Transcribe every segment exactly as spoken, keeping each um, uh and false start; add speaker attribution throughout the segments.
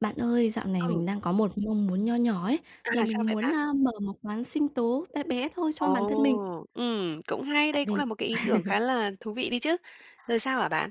Speaker 1: Bạn ơi, dạo này
Speaker 2: Ừ.
Speaker 1: mình đang có một mong muốn nho nhỏ ấy,
Speaker 2: À,
Speaker 1: là
Speaker 2: sao
Speaker 1: mình
Speaker 2: vậy
Speaker 1: muốn,
Speaker 2: bạn?
Speaker 1: ơ, mở một quán sinh tố be bé thôi cho bản thân mình.
Speaker 2: Ồ. Ừm, cũng hay,
Speaker 1: Tại
Speaker 2: đây cũng
Speaker 1: vì
Speaker 2: là một cái ý tưởng khá là thú vị đi chứ. Rồi sao hả bạn?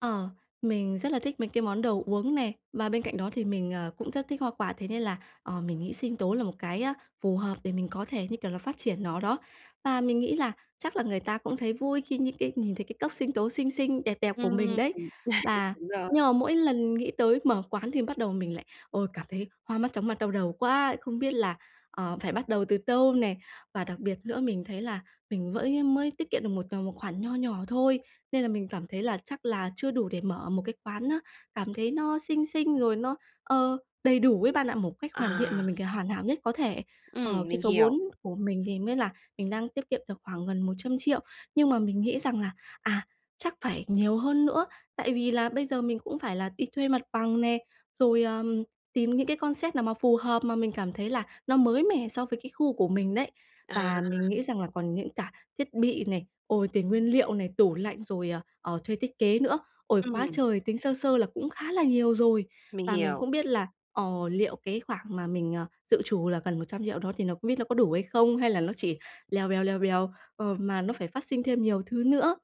Speaker 1: Ờ. Mình rất là thích mấy cái món đồ uống nè, và bên cạnh đó, thì mình, ờ, cũng rất thích hoa quả. Thế nên là, ờ, mình nghĩ sinh tố là một cái, ơ, phù hợp để mình có thể, như kiểu là, phát triển nó đó. Và mình nghĩ là chắc là người ta cũng thấy vui khi nhin cái nhìn thấy cái cốc sinh tố xinh xinh, đẹp đẹp của
Speaker 2: Ừm,
Speaker 1: mình
Speaker 2: ừm.
Speaker 1: đấy. Và
Speaker 2: Đúng rồi.
Speaker 1: nhưng mà mỗi lần nghĩ tới mở quán thì bắt đầu mình lại ôi, cảm thấy hoa mắt, chóng mặt, đau đầu quá, không biết là, ờ, phải bắt đầu từ tâu nè. Và đặc biệt nữa mình thấy là mình với mới tiết kiệm được một tầm một khoản nho nhỏ thôi, nên là mình cảm thấy là chắc là chưa đủ để mở một cái quán á cảm thấy nó xinh xinh rồi nó, ờ, đầy đủ ấy bạn ạ, một cách hoàn thiện mà
Speaker 2: À.
Speaker 1: mình c hoàn hảo nhất có thể. Ờ,
Speaker 2: Ừm,
Speaker 1: cái
Speaker 2: mình
Speaker 1: số
Speaker 2: hiểu.
Speaker 1: vốn của mình thì mới là mình đang tiết kiệm được khoảng gần một trăm triệu. Nhưng mà mình nghĩ rằng là, à, chắc phải nhiều hơn nữa, tại vì là bây giờ mình cũng phải là đi thuê mặt bằng nè, rồi, ờm, tìm những cái concept nào mà phù hợp mà mình cảm thấy là nó mới mẻ so với cái khu của mình đấy.
Speaker 2: À.
Speaker 1: Và mình nghĩ rằng là còn những cả thiết bị này, ôi, tiền nguyên liệu này, tủ lạnh rồi, ờ, ờ, thuê thiết kế nữa. Ôi, quá
Speaker 2: Ừm.
Speaker 1: trời! Tính sơ sơ là cũng khá là nhiều rồi.
Speaker 2: Mình
Speaker 1: Và mình
Speaker 2: hiểu.
Speaker 1: không biết là, ờ, liệu cái khoảng mà mình, ờ, dự trù là gần một trăm triệu đó thì nó không biết nó có đủ hay không? Hay là nó chỉ lèo bèo, lèo bèo, ờ, mà nó phải phát sinh thêm nhiều thứ nữa.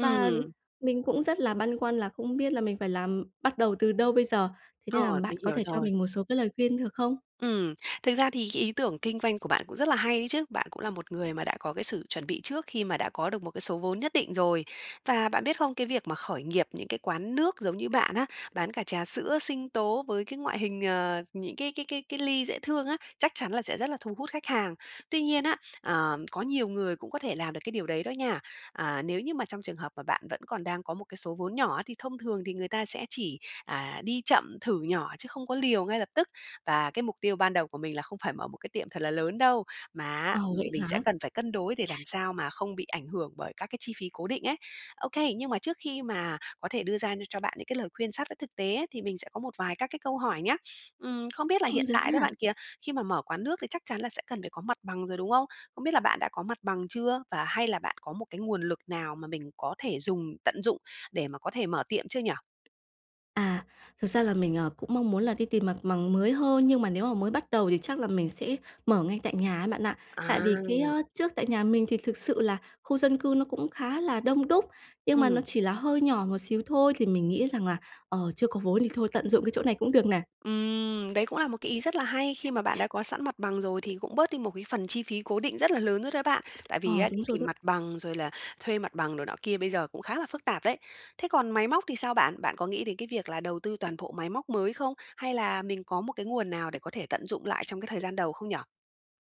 Speaker 1: Và mình cũng rất là băn khoăn là không biết là mình phải làm bắt đầu từ đâu bây giờ? Thế nên là
Speaker 2: Ờ,
Speaker 1: bạn
Speaker 2: mình
Speaker 1: có
Speaker 2: hiểu
Speaker 1: thể cho
Speaker 2: rồi.
Speaker 1: mình một số cái lời khuyên được không?
Speaker 2: Ừm. Thực ra thì cái ý tưởng kinh doanh của bạn cũng rất là hay ấy chứ. Bạn cũng là một người mà đã có cái sự chuẩn bị trước khi mà đã có được một cái số vốn nhất định rồi. Và bạn biết không? Cái việc mà khởi nghiệp những cái quán nước giống như bạn á, bán cả trà sữa, sinh tố với cái ngoại hình, ờ, những cái cái cái cái ly dễ thương á, chắc chắn là sẽ rất là thu hút khách hàng. Tuy nhiên á, ờ, có nhiều người cũng có thể làm được cái điều đấy đó nha. À, nếu như mà trong trường hợp mà bạn vẫn còn đang có một cái số vốn nhỏ á, thì thông thường thì người ta sẽ chỉ, à, đi chậm thử nhỏ chứ không có liều ngay lập tức. Và cái mục tiêu ban đầu của mình là không phải mở một cái tiệm thật là lớn đâu, mà á,
Speaker 1: Ồ,
Speaker 2: ừm,
Speaker 1: vậy
Speaker 2: mình sẽ
Speaker 1: hả?
Speaker 2: cần phải cân đối để làm sao mà không bị ảnh hưởng bởi các cái chi phí cố định ấy. Ô kê, nhưng mà trước khi mà có thể đưa ra nh cho bạn những cái lời khuyên sát với thực tế ấy, thì mình sẽ có một vài các cái câu hỏi nhá. Ừm, không biết là
Speaker 1: Ồ,
Speaker 2: hiện
Speaker 1: được
Speaker 2: tại đó
Speaker 1: ha.
Speaker 2: bạn kìa, khi mà mở quán nước thì chắc chắn là sẽ cần phải có mặt bằng rồi, đúng không? Không biết là bạn đã có mặt bằng chưa và hay là bạn có một cái nguồn lực nào mà mình có thể dùng tận dụng để mà có thể mở tiệm chưa nhi?
Speaker 1: À, thật ra là mình, ờ, cũng mong muốn là đi tìm mặt mằng mới hơn nhưng mà nếu mà mới bắt đầu thì chắc là mình sẽ mở ngay tại nhà ấy bạn ạ. Tại vì cái,
Speaker 2: À.
Speaker 1: ơ, trước tại nhà mình thì thực sự là khu dân cư nó cũng khá là đông đúc nhưng mà nó
Speaker 2: Ừm.
Speaker 1: chỉ là hơi nhỏ một xíu thôi thì mình nghĩ rằng là, ờ, chưa có vốn thì thôi tận dụng cái chỗ này cũng được nè.
Speaker 2: Ừm. Đấy cũng là một cái ý rất là hay khi mà bạn đã có sẵn mặt bằng rồi thì cũng bớt đi một cái phần chi phí cố định rất là lớn rồi đó bạn. Tại vì
Speaker 1: Ờ,
Speaker 2: á đi
Speaker 1: đúng rồi
Speaker 2: tìm
Speaker 1: đó.
Speaker 2: mặt bằng, rồi là thuê mặt bằng rồi nọ kia bây giờ cũng khá là phức tạp đấy. Thế còn máy móc thì sao bạn? Bạn có nghĩ đến cái việc là đầu tư toàn bộ máy móc mới không? Hay là mình có một cái nguồn nào để có thể tận dụng lại trong cái thời gian đầu không nhỉ?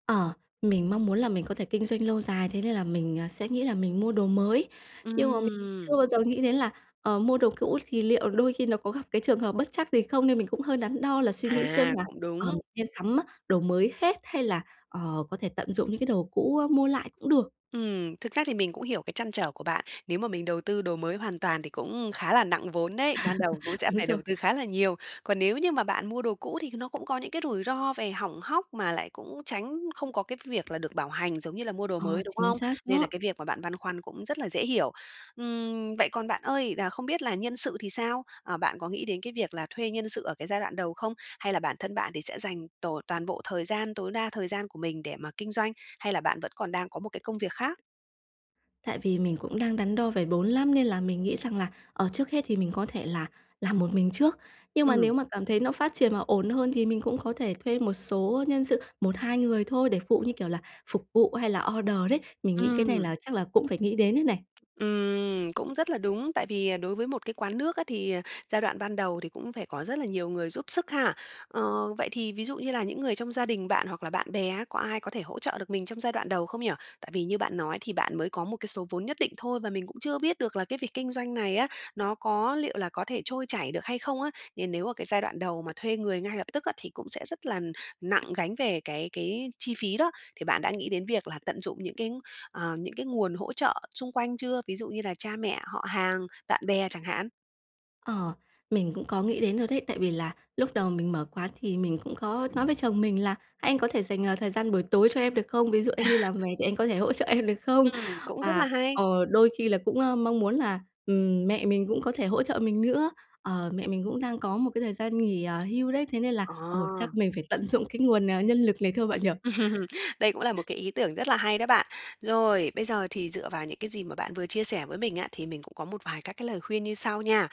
Speaker 1: Ờ, mình mong muốn là mình có thể kinh doanh lâu dài thế nên là mình, ờ, sẽ nghĩ là mình mua đồ mới. Nhưng mà mình
Speaker 2: Ừm.
Speaker 1: chưa bao giờ nghĩ đến là, ờ, mua đồ cũ thì liệu đôi khi nó có gặp cái trường hợp bất trắc gì không nên mình cũng hơi đắn đo là suy nghĩ xem
Speaker 2: À,
Speaker 1: là
Speaker 2: cũng
Speaker 1: "Ờ,
Speaker 2: đúng.
Speaker 1: [unintelligible] nên sắm, á, đồ mới hết hay là, ờ, có thể tận dụng những cái đồ cũ, ơ, mua lại cũng được."
Speaker 2: Ừm, thực ra thì mình cũng hiểu cái trăn trở của bạn. Nếu mà mình đầu tư đồ mới hoàn toàn thì cũng khá là nặng vốn đấy, ban đầu cũng sẽ
Speaker 1: Đúng
Speaker 2: phải
Speaker 1: rồi.
Speaker 2: đầu tư khá là nhiều. Còn nếu như mà bạn mua đồ cũ thì nó cũng có những cái rủi ro về hỏng hóc, mà lại cũng tránh không có cái việc là được bảo hành giống như là mua đồ
Speaker 1: Ờ,
Speaker 2: mới, đúng
Speaker 1: chính
Speaker 2: không?
Speaker 1: xác
Speaker 2: Nên là
Speaker 1: đó.
Speaker 2: cái việc mà bạn băn khoăn cũng rất là dễ hiểu. Ừm, vậy còn bạn ơi, là không biết là nhân sự thì sao? À, bạn có nghĩ đến cái việc là thuê nhân sự ở cái giai đoạn đầu không? Hay là bản thân bạn thì sẽ dành tổ toàn bộ thời gian, tối đa thời gian của mình để mà kinh doanh, hay là bạn vẫn còn đang có một cái công việc khác?
Speaker 1: Tại vì mình cũng đang đắn đo về bốn lắm, nên là mình nghĩ rằng là, ờ, trước hết thì mình có thể là làm một mình trước. Nhưng mà nếu
Speaker 2: Ừm.
Speaker 1: mà cảm thấy nó phát triển mà ổn hơn thì mình cũng có thể thuê một số nhân sự, một hai người thôi để phụ, như kiểu là, phục vụ hay là order đấy. Mình nghĩ cái này
Speaker 2: Ừm.
Speaker 1: là chắc là cũng phải nghĩ đến đây này.
Speaker 2: Ừm, cũng rất là đúng. Tại vì, à, đối với một cái quán nước á, thì, à, giai đoạn ban đầu thì cũng phải có rất là nhiều người giúp sức ha. Ờ, vậy thì ví dụ như là những người trong gia đình bạn, hoặc là bạn bè á, có ai có thể hỗ trợ được mình trong giai đoạn đầu không nhỉ? Tại vì như bạn nói thì bạn mới có một cái số vốn nhất định thôi, và mình cũng chưa biết được là cái việc kinh doanh này á, nó có liệu là có thể trôi chảy được hay không á. Nên nếu ở cái giai đoạn đầu mà thuê người ngay lập tức á thì cũng sẽ rất là nặng gánh về cái cái chi phí đó. Thì bạn đã nghĩ đến việc là tận dụng những cái, ờ, những cái nguồn hỗ trợ xung quanh chưa? Ví dụ như là cha mẹ, họ hàng, bạn bè chẳng hạn?
Speaker 1: Ờ. Mình cũng có nghĩ đến rồi đấy. Tại vì là lúc đầu mình mở quán thì mình cũng có nói với chồng mình là: "Anh có thể dành, à, thời gian buổi tối cho em được không? Ví dụ, anh đi làm
Speaker 2: À.
Speaker 1: về thì anh có thể hỗ trợ em được không?"
Speaker 2: Ừm, cũng rất
Speaker 1: Và,
Speaker 2: là hay.
Speaker 1: ờ, đôi khi là cũng, ơ, mong muốn là, ừm, mẹ mình cũng có thể hỗ trợ mình nữa. Ờ, mẹ mình cũng đang có một cái thời gian nghỉ, à, hưu đấy. Thế nên là, ờ, chắc
Speaker 2: À.
Speaker 1: mình phải tận dụng cái nguồn, à, nhân lực này thôi bạn nhỉ?
Speaker 2: Đây cũng là một cái ý tưởng rất là hay đó bạn. Rồi, bây giờ thì dựa vào những cái gì mà bạn vừa chia sẻ với mình á, thì mình cũng có một vài các cái lời khuyên như sau nha.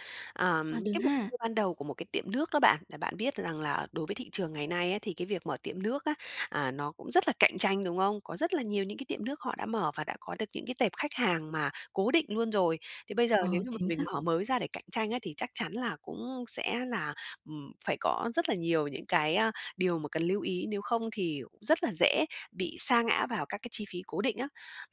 Speaker 1: À,
Speaker 2: Ờm,
Speaker 1: được
Speaker 2: cái [unintelligible]
Speaker 1: ha.
Speaker 2: ban đầu của một cái tiệm nước đó bạn, là bạn biết rằng là đối với thị trường ngày nay á thì cái việc mở tiệm nước á, à, nó cũng rất là cạnh tranh, đúng không? Có rất là nhiều những cái tiệm nước họ đã mở, và đã có được những cái tệp khách hàng mà cố định luôn rồi. Thì bây giờ nếu
Speaker 1: Ờ,
Speaker 2: như mà
Speaker 1: chính
Speaker 2: mình
Speaker 1: xác.
Speaker 2: mở mới ra để cạnh tranh á thì chắc chắn là cũng sẽ là, ừm, phải có rất là nhiều những cái, a, điều mà cần lưu ý, nếu không thì cũng rất là dễ bị sa ngã vào các cái chi phí cố định á.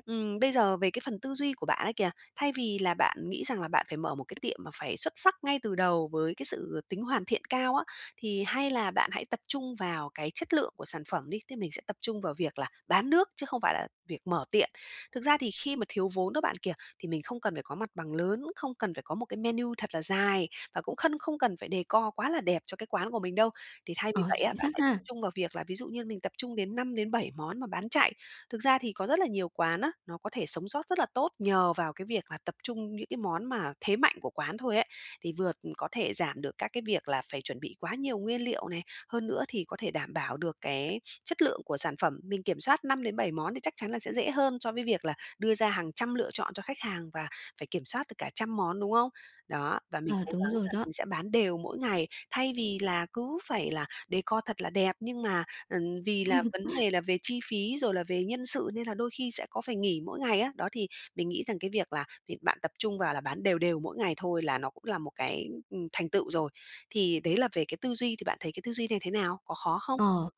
Speaker 2: Ừm, bây giờ về cái phần tư duy của bạn ấy kìa, thay vì là bạn nghĩ rằng là bạn phải mở một cái tiệm mà phải xuất sắc ngay từ đầu với cái sự tính hoàn thiện cao á, thì hay là bạn hãy tập trung vào cái chất lượng của sản phẩm đi. Tức là mình sẽ tập trung vào việc là bán nước chứ không phải là việc mở tiệm. Thực ra thì khi mà thiếu vốn đó bạn kìa, thì mình không cần phải có mặt bằng lớn, cũng không cần phải có một cái menu thật là dài, và cũng khân không cần phải decor quá là đẹp cho cái quán của mình đâu, thì thay vì
Speaker 1: Ờ,
Speaker 2: vậy á,
Speaker 1: chính
Speaker 2: bạn
Speaker 1: xác
Speaker 2: hãy
Speaker 1: ha.
Speaker 2: trung vào việc là, ví dụ như mình tập trung đến năm đến bảy món mà bán chạy. Thực ra thì có rất là nhiều quán á, nó có thể sống sót rất là tốt nhờ vào cái việc là tập trung những cái món mà thế mạnh của quán thôi ấy, thì vừa, ừm, có thể giảm được các cái việc là phải chuẩn bị quá nhiều nguyên liệu này, hơn nữa thì có thể đảm bảo được cái chất lượng của sản phẩm. Mình kiểm soát năm đến bảy món thì chắc chắn là sẽ dễ hơn so với việc là đưa ra hàng trăm lựa chọn cho khách hàng và phải kiểm soát được cả trăm món, đúng không? Đó, và mình
Speaker 1: À,
Speaker 2: cố
Speaker 1: đúng
Speaker 2: gắng
Speaker 1: rồi
Speaker 2: là
Speaker 1: đó.
Speaker 2: mình sẽ bán đều mỗi ngày, thay vì là cứ phải là decor thật là đẹp nhưng mà, ừm, vì là vấn đề là về chi phí rồi là về nhân sự, nên là đôi khi sẽ có phải nghỉ mỗi ngày á. Đó, thì mình nghĩ rằng cái việc là việc bạn tập trung vào là bán đều đều mỗi ngày thôi là nó cũng là một cái, ừm, thành tựu rồi. Thì đấy là về cái tư duy, thì bạn thấy cái tư duy này thế nào? Có khó không?
Speaker 1: Ờ.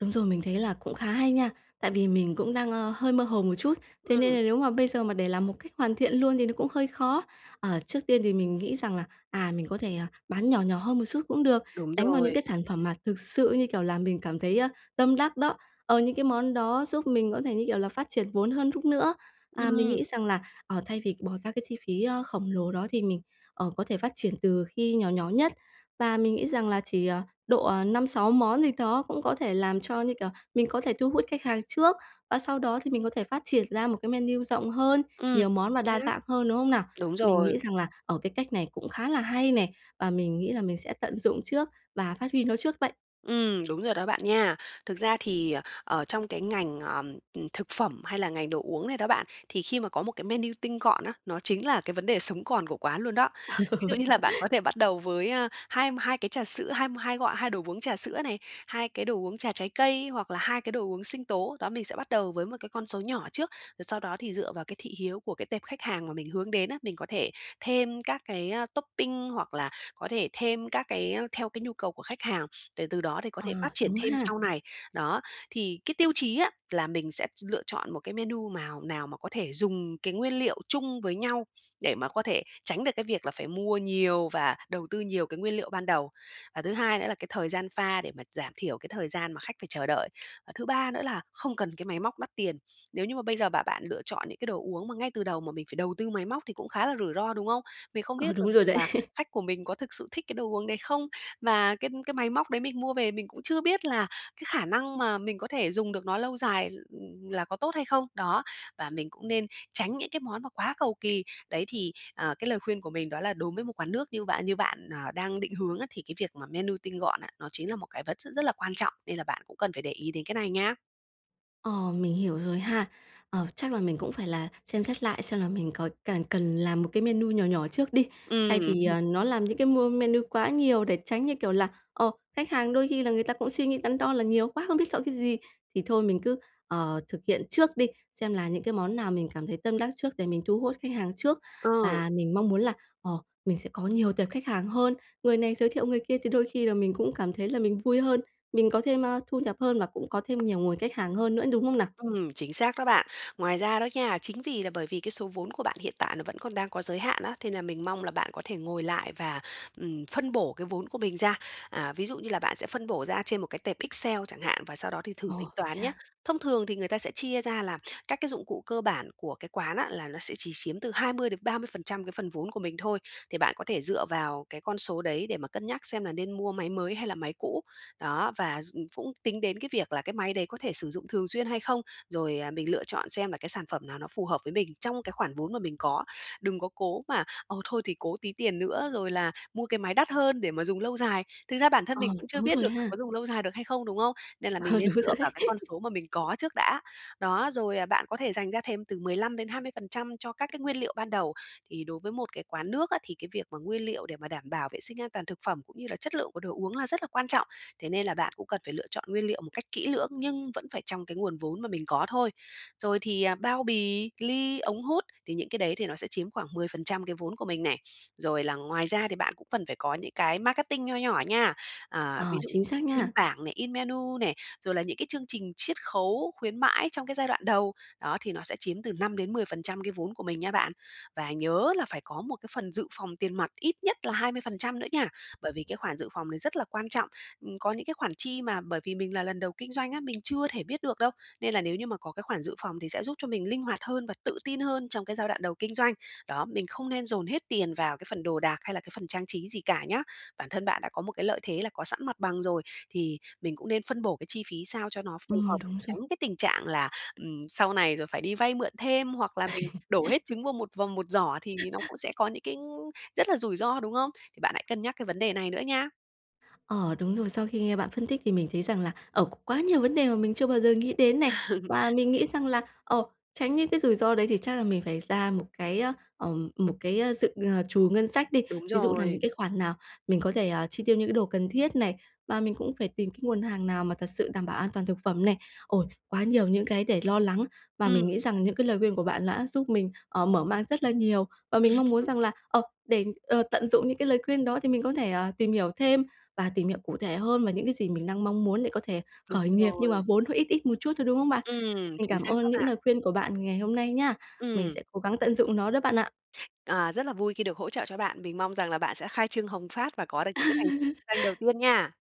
Speaker 1: Đúng rồi, mình thấy là cũng khá hay nha. Tại vì mình cũng đang, ơ, hơi mơ hồ một chút. Thế nên
Speaker 2: Ừm.
Speaker 1: là nếu mà bây giờ mà để làm một cách hoàn thiện luôn thì nó cũng hơi khó. À, trước tiên thì mình nghĩ rằng là, à, mình có thể, ờ, bán nhỏ nhỏ hơn một xút cũng được,
Speaker 2: Đúng
Speaker 1: đánh vào những
Speaker 2: rồi.
Speaker 1: cái sản phẩm mà thực sự, như kiểu là, mình cảm thấy, a, tâm đắc đó. Ờ, những cái món đó giúp mình có thể, như kiểu là, phát triển vốn hơn rút nữa. À, mình
Speaker 2: Ừm.
Speaker 1: nghĩ rằng là, ờ, thay vì bỏ ra cái chi phí, ơ, khổng lồ đó thì mình, ờ, có thể phát triển từ khi nhỏ nhỏ nhất. Và mình nghĩ rằng là chỉ, ờ, độ, ờ, năm sáu món gì thó cũng có thể làm cho, như kiểu, mình có thể thu hút khách hàng trước, và sau đó thì mình có thể phát triển ra một cái menu rộng hơn,
Speaker 2: Ừm.
Speaker 1: nhiều món
Speaker 2: Chính
Speaker 1: và đa
Speaker 2: xác.
Speaker 1: dạng hơn, đúng không nào?
Speaker 2: Đúng
Speaker 1: Mình nghĩ
Speaker 2: rồi.
Speaker 1: rằng là, ờ, cái cách này cũng khá là hay nè, và mình nghĩ là mình sẽ tận dụng trước và phát huy nó trước vậy.
Speaker 2: Ừm, đúng rồi đó bạn nha. Thực ra thì, ờ, ở trong cái ngành, ờ, ừm, thực phẩm hay là ngành đồ uống này đó bạn, thì khi mà có một cái menu tinh gọn á, nó chính là cái vấn đề sống còn của quán luôn đó.
Speaker 1: Ờ,
Speaker 2: Ví dụ
Speaker 1: vậy
Speaker 2: như
Speaker 1: hả?
Speaker 2: là bạn có thể bắt đầu với, a, hai hai cái trà sữa, hai hai gọi hai đồ uống trà sữa này, hai cái đồ uống trà trái cây, hoặc là hai cái đồ uống sinh tố. Đó, mình sẽ bắt đầu với một cái con số nhỏ trước, rồi sau đó thì dựa vào cái thị hiếu của cái tệp khách hàng mà mình hướng đến á, mình có thể thêm các cái, a, topping, hoặc là có thể thêm các cái, a, theo cái nhu cầu của khách hàng để từ đó thì có thể phát
Speaker 1: Ờ,
Speaker 2: triển
Speaker 1: đúng
Speaker 2: thêm
Speaker 1: ha!
Speaker 2: sau này. Đó, thì cái tiêu chí á là mình sẽ lựa chọn một cái menu mào nào mà có thể dùng cái nguyên liệu chung với nhau để mà có thể tránh được cái việc là phải mua nhiều và đầu tư nhiều cái nguyên liệu ban đầu. Và thứ hai nữa là cái thời gian pha để mà giảm thiểu cái thời gian mà khách phải chờ đợi. Và thứ ba nữa là không cần cái máy móc đắt tiền. Nếu như mà bây giờ mà bạn lựa chọn những cái đồ uống mà ngay từ đầu mà mình phải đầu tư máy móc thì cũng khá là rủi ro, đúng không? Mình không
Speaker 1: Ờ,
Speaker 2: biết được
Speaker 1: đúng rồi
Speaker 2: rằng
Speaker 1: đấy.
Speaker 2: là khách của mình có thực sự thích cái đồ uống đấy không? Và cái cái máy móc đấy mình mua về mình cũng chưa biết là cái khả năng mà mình có thể dùng được nó lâu dài, ừm, là có tốt hay không? Đó, và mình cũng nên tránh những cái món mà quá cầu kì. Đấy, thì, à, cái lời khuyên của mình đó là đối với một quán nước như bạn như bạn, à, đang định hướng á thì cái việc mà menu tinh gọn á, nó chính là một cái vật rất rất là quan trọng, nên là bạn cũng cần phải để ý đến cái này nha.
Speaker 1: Ờ, mình hiểu rồi ha. Ờ, chắc là mình cũng phải là xem xét lại xem là mình có cần cần làm một cái menu nhỏ nhỏ trước đi. Thay
Speaker 2: Ừm
Speaker 1: vì,
Speaker 2: hừm.
Speaker 1: ờ, nó làm những cái mu menu quá nhiều để tránh như kiểu là, ờ, khách hàng đôi khi là người ta cũng suy nghĩ đắn đo là nhiều quá, không biết chọn cái gì. Thì thôi mình cứ, ờ, thực hiện trước đi, xem là những cái món nào mình cảm thấy tâm đắc trước để mình thu hút khách hàng trước.
Speaker 2: Ờ.
Speaker 1: Và mình mong muốn là, ờ, mình sẽ có nhiều tệp khách hàng hơn, người này giới thiệu người kia thì đôi khi là mình cũng cảm thấy là mình vui hơn, mình có thêm, a, thu nhập hơn và cũng có thêm nhiều nguồn khách hàng hơn nữa, đúng không nào?
Speaker 2: Ừm, chính xác đó bạn. Ngoài ra đó nha, chính vì là bởi vì cái số vốn của bạn hiện tại nó vẫn còn đang có giới hạn á, nên là mình mong là bạn có thể ngồi lại và, ừm, phân bổ cái vốn của mình ra. À, ví dụ như là bạn sẽ phân bổ ra trên một cái tệp Excel chẳng hạn và sau đó thì thử tính
Speaker 1: Ồ, vậy
Speaker 2: toán nhá.
Speaker 1: ha?
Speaker 2: Thông thường thì người ta sẽ chia ra là các cái dụng cụ cơ bản của cái quán á là nó sẽ chỉ chiếm từ hai mươi đến ba mươi phần trăm cái phần vốn của mình thôi, thì bạn có thể dựa vào cái con số đấy để mà cân nhắc xem là nên mua máy mới hay là máy cũ. Đó, và d cũng tính đến cái việc là cái máy đấy có thể sử dụng thường xuyên hay không? Rồi, à, mình lựa chọn xem là cái sản phẩm nào nó phù hợp với mình trong cái khoản vốn mà mình có. Đừng có cố mà, ờ, thôi thì cố tí tiền nữa rồi là mua cái máy đắt hơn để mà dùng lâu dài. Thực ra bản thân
Speaker 1: Ờ,
Speaker 2: mình cũng chưa
Speaker 1: đúng
Speaker 2: biết
Speaker 1: rồi
Speaker 2: được là
Speaker 1: ha.
Speaker 2: có dùng lâu dài được hay không, đúng không? Nên là mình
Speaker 1: Ờ,
Speaker 2: nên
Speaker 1: đúng
Speaker 2: dựa
Speaker 1: rồi đấy.
Speaker 2: vào cái con số mà mình có trước đã. Đó, rồi, à, bạn có thể dành ra thêm từ mười lăm đến hai mươi phần trăm cho các cái nguyên liệu ban đầu. Thì đối với một cái quán nước á, thì cái việc mà nguyên liệu để mà đảm bảo vệ sinh an toàn thực phẩm cũng như là chất lượng của đồ uống là rất là quan trọng. Thế nên là bạn cũng cần phải lựa chọn nguyên liệu một cách kỹ lưỡng nhưng vẫn phải trong cái nguồn vốn mà mình có thôi. Rồi thì, à, bao bì, ly, ống hút, thì những cái đấy thì nó sẽ chiếm khoảng mười phần trăm cái vốn của mình nè. Rồi là ngoài ra thì bạn cũng cần phải có những cái marketing nho nhỏ nha. À,
Speaker 1: À,
Speaker 2: ví dụ
Speaker 1: chính xác
Speaker 2: in
Speaker 1: nha.
Speaker 2: bảng này, in menu nè, rồi là những cái chương trình chiết khấu, khuyến mãi trong cái giai đoạn đầu. Đó, thì nó sẽ chiếm từ năm đến mười phần trăm cái vốn của mình nha bạn. Và nhớ là phải có một cái phần dự phòng tiền mặt ít nhất là hai mươi phần trăm nữa nha. Bởi vì cái khoản dự phòng này rất là quan trọng, ừm, có những cái khoản chi mà bởi vì mình là lần đầu kinh doanh á, mình chưa thể biết được đâu. Nên là nếu như mà có cái khoản dự phòng thì sẽ giúp cho mình linh hoạt hơn và tự tin hơn trong cái giai đoạn đầu kinh doanh. Đó, mình không nên dồn hết tiền vào cái phần đồ đạc hay là cái phần trang trí gì cả nhá. Bản thân bạn đã có một cái lợi thế là có sẵn mặt bằng rồi thì mình cũng nên phân bổ cái chi phí sao cho nó phù hợp,
Speaker 1: Ừm, đúng rồi.
Speaker 2: tránh cái tình trạng là, ừm, sau này rồi phải đi vay mượn thêm hoặc là mình đổ hết trứng vô một vào một giỏ thì nó cũng sẽ có những cái rất là rủi ro, đúng không? Thì bạn hãy cân nhắc cái vấn đề này nữa nha.
Speaker 1: Ờ, đúng rồi. Sau khi nghe bạn phân tích thì mình thấy rằng là, ờ, quá nhiều vấn đề mà mình chưa bao giờ nghĩ đến này. Và mình nghĩ rằng là, ờ, tránh những cái rủi ro đấy thì chắc là mình phải ra một cái á, ờ, một cái, ơ, dự, ờ, trù ngân sách đi,
Speaker 2: Đúng
Speaker 1: ví dụ là
Speaker 2: rồi.
Speaker 1: những cái khoản nào mình có thể, à, chi tiêu những cái đồ cần thiết này, và mình cũng phải tìm cái nguồn hàng nào mà thật sự đảm bảo an toàn thực phẩm này. Ôi, quá nhiều những cái để lo lắng và mình nghĩ
Speaker 2: Ừm.
Speaker 1: rằng những cái lời khuyên của bạn đã giúp mình, ờ, mở mang rất là nhiều. Và mình mong muốn rằng là, ờ, để, ờ, tận dụng những cái lời khuyên đó thì mình có thể, à, tìm hiểu thêm và tìm hiểu cụ thể hơn và những cái gì mình đang mong muốn để có thể
Speaker 2: Đúng
Speaker 1: khởi nghiệp nhưng mà
Speaker 2: rồi.
Speaker 1: vốn hơi ít ít một chút thôi, đúng không bạn?
Speaker 2: Ừm,
Speaker 1: Mình
Speaker 2: chính
Speaker 1: cảm
Speaker 2: xác
Speaker 1: ơn
Speaker 2: đó
Speaker 1: những
Speaker 2: bạn.
Speaker 1: lời khuyên của bạn ngày hôm nay nha. Mình
Speaker 2: Ừm.
Speaker 1: sẽ cố gắng tận dụng nó đó bạn ạ.
Speaker 2: À, rất là vui khi được hỗ trợ cho bạn. Mình mong rằng là bạn sẽ khai trương hồng phát và có được những cái thành canh đầu tiên nha.